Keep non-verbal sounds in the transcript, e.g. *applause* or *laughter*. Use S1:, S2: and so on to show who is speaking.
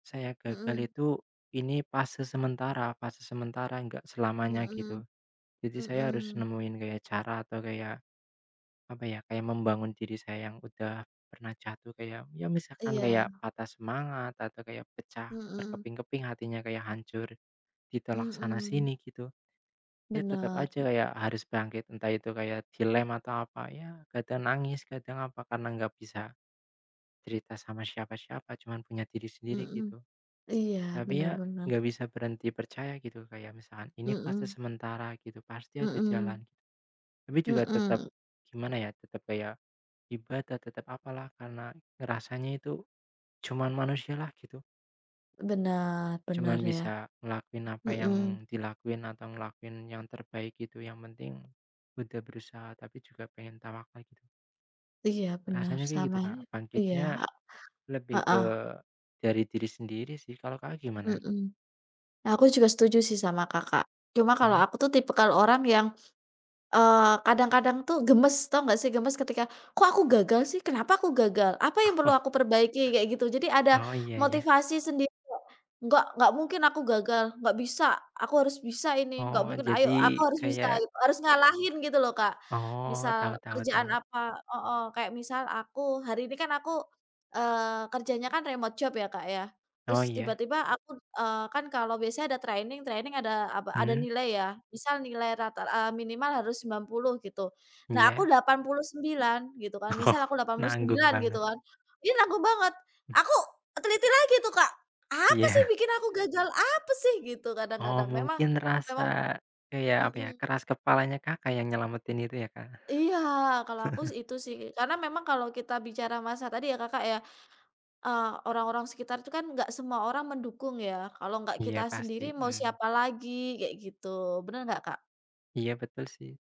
S1: Saya gagal
S2: Mhm.
S1: itu, ini fase sementara fase sementara enggak selamanya,
S2: Mhm,
S1: gitu. Jadi, saya harus
S2: mhm.
S1: nemuin kayak cara atau kayak apa ya, kayak membangun diri saya yang udah pernah jatuh kayak, ya, misalkan kayak
S2: Iya.
S1: patah semangat, atau kayak pecah
S2: Mhm.
S1: berkeping-keping hatinya, kayak hancur ditolak
S2: Mhm.
S1: sana-sini gitu. Ya, tetep
S2: Benar.
S1: aja kayak harus bangkit, entah itu kayak dilem atau apa ya, kadang nangis, kadang apa karena nggak bisa cerita sama siapa-siapa, cuman punya diri sendiri,
S2: Mhm.
S1: gitu.
S2: Iya,
S1: Tapi
S2: bener
S1: ya,
S2: bener.
S1: nggak bisa berhenti percaya, gitu. Kayak misalkan, "Ini fase
S2: Mhm.
S1: sementara," gitu "pasti ada jalan."
S2: Mhm.
S1: Gitu. Tapi juga tetep
S2: Mhm.
S1: gimana, ya, tetep kayak ibadah, tetep apalah, karena rasanya itu cuman manusialah, gitu.
S2: Benar benar,
S1: Cuman
S2: ya.
S1: bisa ngelakuin apa yang
S2: Mhm.
S1: dilakuin, atau ngelakuin yang terbaik gitu yang penting udah berusaha, tapi juga pengen tawakal gitu.
S2: Iya,
S1: *sniffs*
S2: bener,
S1: Rasanya kayak
S2: sama
S1: gitu, Kak,
S2: e iya,
S1: bangkitnya
S2: a
S1: lebih
S2: heeh.
S1: ke dari diri sendiri sih, kalau Kakak gimana?
S2: Mhm. Aku juga setuju sih sama Kakak. Cuma kalau
S1: Mhm.
S2: aku tuh tipikal orang yang, eee, kadang-kadang tuh gemes, tau nggak sih gemes ketika, "Kok aku gagal sih? Kenapa aku gagal? Apa yang perlu aku
S1: *chuckles*
S2: perbaiki?" Kayak gitu. Jadi, ada
S1: Oh, iya ya.
S2: motivasi sendiri *unintelligible* "Nggak nggak mungkin aku gagal. Nggak bisa! Aku harus bisa ini, nggak
S1: Oh,
S2: mungkin,
S1: jadi,
S2: ayo, aku harus bisa!"
S1: kayak
S2: Gitu. Harus ngalahin, gitu loh, Kak.
S1: Oh,
S2: Misal
S1: tau tau
S2: kerjaan
S1: tau.
S2: apa heeh, kayak misal aku hari ini kan aku, eee, kerjanya kan remote job, ya Kak ya,
S1: Oh,
S2: terus
S1: iya.
S2: tiba-tiba aku eee, kan kalau biasanya ada training, training ada apa, ada
S1: Mmm.
S2: nilai ya. Misal nilai rata, eee, minimal harus 90 gitu, nah aku
S1: Iya.
S2: 89 gitu kan.
S1: Oh,
S2: Misal aku delapan puluh
S1: nanggung
S2: sembilan gitu
S1: banget.
S2: kan, ini nanggung banget,
S1: M
S2: aku teliti lagi tuh, Kak, "Apa sih yang
S1: Iya.
S2: bikin aku gagal? Apa sih?" Gitu,
S1: Oh,
S2: kadang-kadang. Memang
S1: mungkin rasa,
S2: memang
S1: kayak apa ya,
S2: mhm.
S1: keras kepalanya Kakak yang nyelametin itu ya, Kak?
S2: Iya, kalau aku
S1: *chuckles*
S2: sih itu sih. Karena memang kalau kita bicara masa tadi ya Kakak ya, eee, orang-orang sekitar itu kan nggak semua orang mendukung ya. Kalau nggak kita
S1: Iya pasti,
S2: sendiri, mau
S1: mmm.
S2: siapa lagi? Kayak gitu. Bener nggak, Kak?
S1: Iya, betul sih.